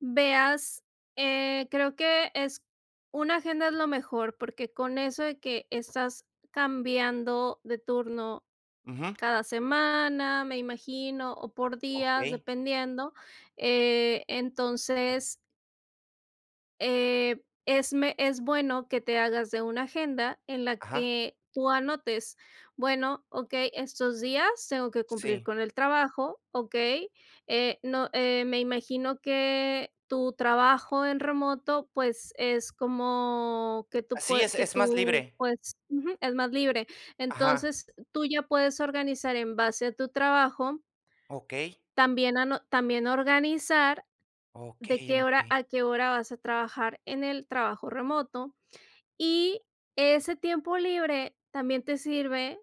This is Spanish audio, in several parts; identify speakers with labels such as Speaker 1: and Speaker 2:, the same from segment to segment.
Speaker 1: Veas, eh, creo que es Una agenda es lo mejor, porque con eso de que estás cambiando de turno
Speaker 2: Ujú.
Speaker 1: cada semana, me imagino, o por días,
Speaker 2: Okey.
Speaker 1: dependiendo, eh, entonces eh, es me es bueno que te hagas de una agenda en la
Speaker 2: Ajá.
Speaker 1: que tú anotes, bueno, okey, estos días tengo que cumplir
Speaker 2: Sí.
Speaker 1: con el trabajo, okey, eh, no eh, me imagino que tu trabajo en remoto, pues es como que tú
Speaker 2: Así
Speaker 1: pue
Speaker 2: es,
Speaker 1: que
Speaker 2: es más
Speaker 1: tú,
Speaker 2: libre.
Speaker 1: pues, ujú, es más libre.
Speaker 2: Ajá.
Speaker 1: Entonces, tú ya puedes organizar en base a tu trabajo.
Speaker 2: Okey.
Speaker 1: También ano También organizar de
Speaker 2: Okey,
Speaker 1: qué hora
Speaker 2: empe
Speaker 1: a qué hora vas a trabajar en el trabajo remoto. Y ese tiempo libre también te sirve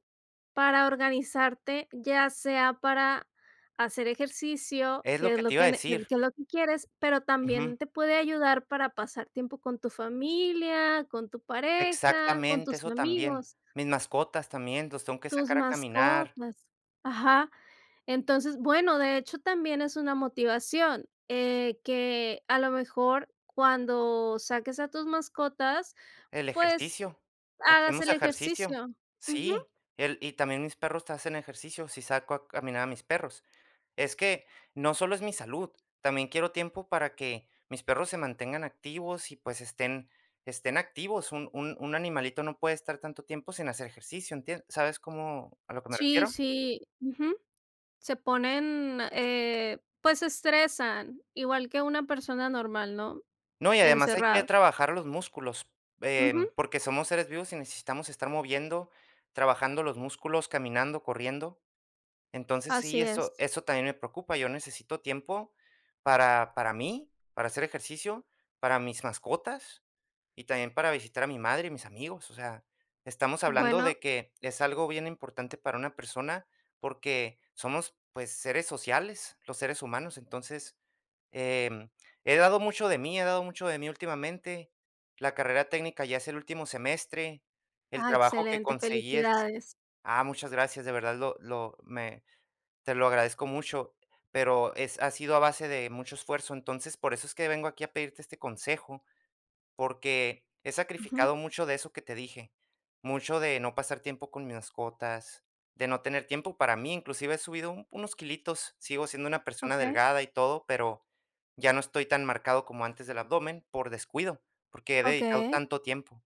Speaker 1: para organizarte, ya sea para hacer ejercicio,
Speaker 2: Es lo
Speaker 1: que es
Speaker 2: que
Speaker 1: lo
Speaker 2: te iba a
Speaker 1: que ne que l
Speaker 2: decir.
Speaker 1: que es lo que quieres, pero
Speaker 2: Ujú.
Speaker 1: también te puede ayudar para pasar tiempo con tu familia, con tu pareja, con
Speaker 2: Exactamente,
Speaker 1: tus
Speaker 2: eso también.
Speaker 1: amigos.
Speaker 2: Mis mascotas también, los tengo que
Speaker 1: Tus
Speaker 2: sacar a caminar.
Speaker 1: mascotas. Ajá. Entonces, bueno, de hecho también es una motivación, eh, que a lo mejor cuando saques a tus mascotas,
Speaker 2: El
Speaker 1: pues
Speaker 2: ejercicio.
Speaker 1: hagas
Speaker 2: Hacemos
Speaker 1: el
Speaker 2: ejercicio.
Speaker 1: ejercicio. Ujú.
Speaker 2: Sí. El y también mis perros hacen ejercicio, si saco a caminar a mis perros. Es que no solo es mi salud, también quiero tiempo para que, mis perros se mantengan activos y pues estén estén activos. Un un un animalito no puede estar tanto tiempo sin hacer ejercicio, ¿entien? ¿Sabes cómo A lo que me
Speaker 1: Sí,
Speaker 2: refiero?
Speaker 1: sí. Ujú. Se ponen, eh, pues se estresan igual que una persona normal, ¿no?
Speaker 2: No, y además hay que
Speaker 1: Encerrado.
Speaker 2: trabajar los músculos, em,
Speaker 1: Ujú.
Speaker 2: porque somos seres vivos y necesitamos estar moviendo, trabajando los músculos, caminando, corriendo. Entonces sí,
Speaker 1: Así
Speaker 2: eso
Speaker 1: es.
Speaker 2: eso también me preocupa. Yo necesito tiempo para para mí, para hacer ejercicio, para mis mascotas y también para visitar a mi madre y mis amigos. O sea, estamos hablando
Speaker 1: Bueno.
Speaker 2: de que es algo bien importante para una persona, porque somos, pues seres sociales, los seres humanos. Entonces, em, he dado mucho de mí, he dado mucho de mí últimamente. La carrera técnica ya es el último semestre. El
Speaker 1: Ah,
Speaker 2: trabajo que
Speaker 1: excelente.
Speaker 2: conseguí es
Speaker 1: Felicidades.
Speaker 2: Ah, muchas gracias, de verdad, lo lo me te lo agradezco mucho, pero es Ha sido a base de mucho esfuerzo. Entonces, por eso es que vengo aquí a pedirte este consejo, porque he
Speaker 1: Ujú.
Speaker 2: sacrificado mucho de eso que te dije, mucho de no pasar tiempo con mis mascotas, de no tener tiempo para mí. Inclusive he subido un unos quilitos, sigo siendo una persona
Speaker 1: Okey.
Speaker 2: delgada y todo, pero ya no estoy tan marcado como antes del abdomen por descuido, porque he dedicado
Speaker 1: Okey.
Speaker 2: tanto tiempo.